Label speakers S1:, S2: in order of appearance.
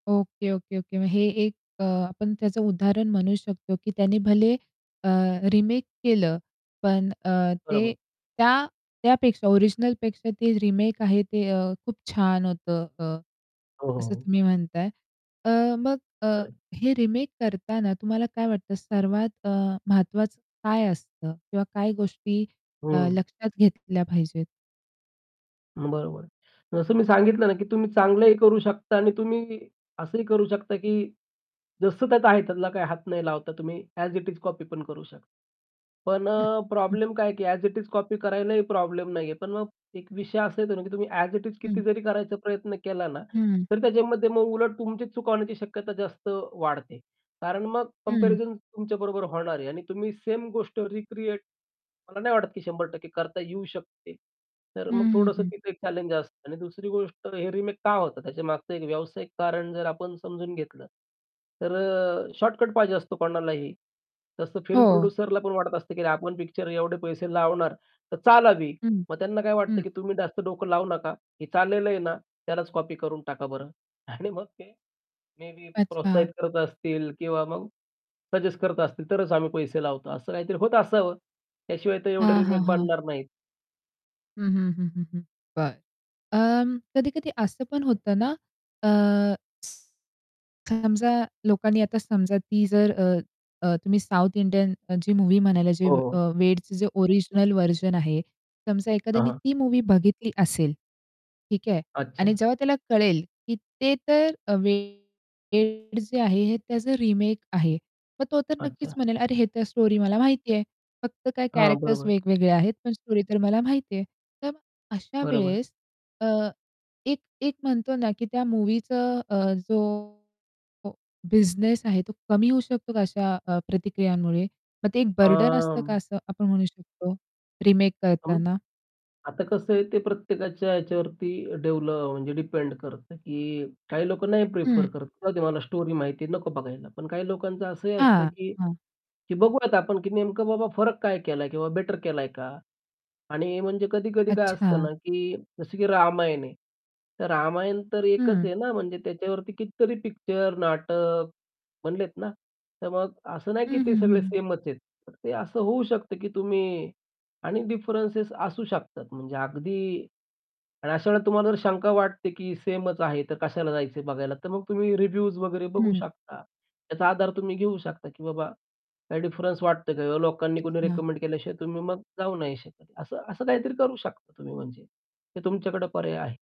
S1: Okay, okay, okay. मग हे एक अ, आपण त्याचं उदाहरण म्हणू शकतो की त्यांनी भले अ, रिमेक केलं पण अ, ते
S2: बरोबर.
S1: त्या त्यापेक्षा ओरिजिनलपेक्षा ते रिमेक आहे ते खूप छान होतं. अ.
S2: हो, हो,
S1: असं
S2: हो.
S1: तुम्ही म्हणताय. अ, मग अ,
S2: खरं आहे.
S1: हे रिमेक करताना तुम्हाला काय वाटतं सर्वात अ, महत्वाचं काय असतं? किंवा काय गोष्टी अ,
S2: हं.
S1: लक्षात घेतल्या पाहिजेत?
S2: बरोबर आहे. जसं मी सांगितलं ना की तुम्ही चांगलंही करू शकता आणि तुम्ही असंही करू शकता की जसं त्यात आहे त्यातला काही हात नाही लावता तुम्ही, अ‍ॅज इट इज कॉपी पण करू शकता. पण
S1: हं,
S2: अ,
S1: हं.
S2: प्रॉब्लेम काय आहे की अ‍ॅज इट इज कॉपी करायलाही प्रॉब्लेम नाहीये. पण मग एक विषय असा येतो ना की तुम्ही अ‍ॅज इट इज
S1: हं.
S2: किती जरी करायचा प्रयत्न केला ना,
S1: हं.
S2: तर त्याच्यामध्ये मग उलट तुमची चुक होण्याची शक्यता जास्त वाढते. कारण मग
S1: हं.
S2: कम्पॅरिझन तुमच्याबरोबर होणार आहे आणि तुम्ही सेम गोष्ट रिक्रिएट मला नाही वाटत की 100% करता येऊ शकते. तर
S1: हं,
S2: मग
S1: हं,
S2: थोडंसं
S1: हं.
S2: तिथे एक चॅलेंज असतं. आणि दुसरी गोष्ट हे रिमेक का होतात? त्याच्यामागचं एक व्यावसायिक कारण जर आपण समजून घेतलं तर अ, शॉर्टकट पाहिजे असतो कोणालाही. तसं फिल्म
S1: हो.
S2: प्रोड्युसरला पण वाटत असतं की अरे आपण पिक्चर एवढे पैसे लावणार तर चालावी.
S1: हं,
S2: मग त्यांना काय वाटत
S1: हं.
S2: की "तुम्ही जास्त डोकं लावू नका, हे चाललेलं आहे ना त्यालाच कॉपी करून टाका बरं." आणि मग ते मेबी प्रोत्साहित
S1: अच्छा.
S2: करत असतील किंवा मग सजेस्ट करत असतील, तरच आम्ही पैसे लावतो. असं काहीतरी होत असावं. त्याशिवाय तर एवढे
S1: हां, हां,
S2: रिमेक
S1: हां.
S2: बनणार नाहीत.
S1: हं, हं, हं, हं, हं. बरं. अं, कधी-कधी असं पण होतं ना, अ समजा लोकांनी आता समजा ती जर अ, तुम्ही साउथ इंडियन जी मूव्ही म्हणायला जे
S2: हो,
S1: अ,
S2: हो.
S1: वेडच जे ओरिजिनल व्हर्जन आहे. समजा
S2: हां,
S1: एखाद्याने
S2: हां.
S1: ती मूव्ही बघितली असेल. ठीक आहे. आणि
S2: अच्छा.
S1: जेव्हा त्याला कळेल, की ते तर वेड जे आहे हे त्याचं रिमेक आहे. मग तो तर नक्कीच
S2: अच्छा.
S1: म्हणेल, "अरे हे तर स्टोरी मला माहितीये, फक्त काय
S2: हां,
S1: कॅरेक्टर्स
S2: बरोबर.
S1: वेगवेगळे आहेत." पण स्टोरी तर मला माहितीये. तर मग अशा
S2: बरोबर.
S1: वेळेस अ, एक-एक म्हणतो नाकी त्या मूव्हीचं अ, जो बिझनेस आहे तो कमी होऊ शकतो का अशा अ, प्रतिक्रियांमुळे? मग ते एक बर्डन
S2: अं
S1: असतं का असं आपण म्हणू शकतो रिमेक
S2: हं.
S1: करताना?
S2: आता कसं आहे ते प्रत्येकाच्या याच्यावरती डेव्हलप म्हणजे डिपेंड करतं की काही लोकं नाही प्रिफर
S1: हं.
S2: करतात. राहूदे मला स्टोरी माहिती आहे नको बघायला. पण काही लोकांचं असंही असतं
S1: हां,
S2: की
S1: हां.
S2: बघूयात आपण की नेमकं बाबा फरक काय केलाय किंवा बेटर केलाय का? आणि म्हणजे कधी-कधी काय असतं ना,
S1: अच्छा.
S2: की जसं की रामायण आहे. तर रामायण तर एकच
S1: हं.
S2: आहे ना म्हणजे त्याच्यावरती कितीतरी पिक्चर, नाटक बनलेत ना? तर मग असं नाही की
S1: हं,
S2: ते
S1: हं,
S2: सगळे
S1: हं.
S2: सेमच आहेत. तर ते असं होऊ शकतं, की तुम्ही आणि डिफरन्सेस असू शकतात म्हणजे अगदी आणि अशा वेळेला तुम्हाला जर शंका वाटते की सेमच आहे तर कशाला जायचंय बघायला. तर मग तुम्ही रिव्ह्यूज वगैरे बघू
S1: हं.
S2: शकता. त्याचा आधार तुम्ही घेऊ शकता की बाबा काही डिफरन्स वाटतोय का? लोकांनी कुणी
S1: अच्छा.
S2: रेकमेंड केल्याशिवाय तुम्ही मग जाऊ नाही शकत. असं असं काहीतरी करू शकता तुम्ही म्हणजे ते तुमच्याकडे पर्याय आहे.